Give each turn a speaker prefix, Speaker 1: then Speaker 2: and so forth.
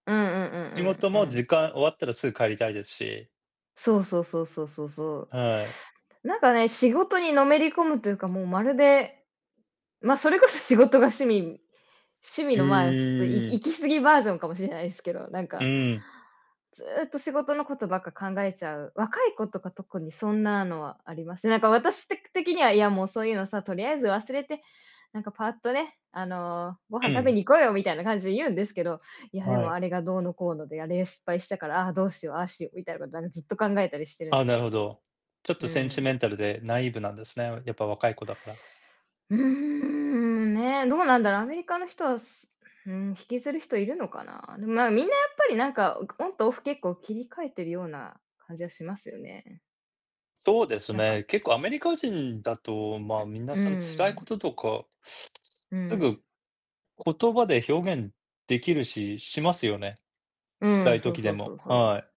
Speaker 1: うんうんう
Speaker 2: 仕事
Speaker 1: んうん
Speaker 2: も
Speaker 1: うん。
Speaker 2: 時間終わったらすぐ帰りたいですし。
Speaker 1: そうそうそうそうそうそ
Speaker 2: はい。
Speaker 1: う、なんかね、仕事にのめり込むというか、もうまるで、ま、それこそ仕事が趣味趣
Speaker 2: う
Speaker 1: 味の、まあ、ちょっといき
Speaker 2: ーん。
Speaker 1: 行き過ぎバージョンかもしれないすけど、なん
Speaker 2: う
Speaker 1: か
Speaker 2: ん。
Speaker 1: ずっと仕事のことばっか考えちゃう、若い子とか特にそんなのはあります。なんか私てく的には、いやもうそういうのさ、とりあえず忘れて、なんかパアっとね、あの、ご飯
Speaker 2: う
Speaker 1: 食べ
Speaker 2: ん。
Speaker 1: に行こうよみたいな感じで言うんですけど、いやで
Speaker 2: は
Speaker 1: も
Speaker 2: い。
Speaker 1: あれがどうのこうので、あれ、失敗したから、ああ、どうしよう、ああしようみたいなことなん、ずっと考えたりしてるん
Speaker 2: あ、
Speaker 1: で
Speaker 2: な
Speaker 1: す
Speaker 2: る
Speaker 1: よ。
Speaker 2: ほど。ちょっ
Speaker 1: う
Speaker 2: とセンチ
Speaker 1: ん。
Speaker 2: メンタルでナイーブなんですね、やっぱ若い子だから。
Speaker 1: うーん、ね、どうなんだろう、アメリカの人はすうーん、引きずる人いるのかな？でも、まあ、みんなやっぱりなんかくオンとオフ結構切り替えてるような感じはしますよね。
Speaker 2: そうです
Speaker 1: なんか
Speaker 2: ね、結構アメリカ人だと、ま
Speaker 1: う
Speaker 2: あ、
Speaker 1: ん。
Speaker 2: 皆
Speaker 1: う
Speaker 2: さん辛い
Speaker 1: ー
Speaker 2: こ
Speaker 1: ん。
Speaker 2: ととか、
Speaker 1: う
Speaker 2: す
Speaker 1: ん。
Speaker 2: ぐ言葉で表現できるし、しますよね。
Speaker 1: う
Speaker 2: 辛
Speaker 1: ん、
Speaker 2: い
Speaker 1: そう
Speaker 2: 時
Speaker 1: そ
Speaker 2: で
Speaker 1: うそ
Speaker 2: も、
Speaker 1: うそう。
Speaker 2: はい。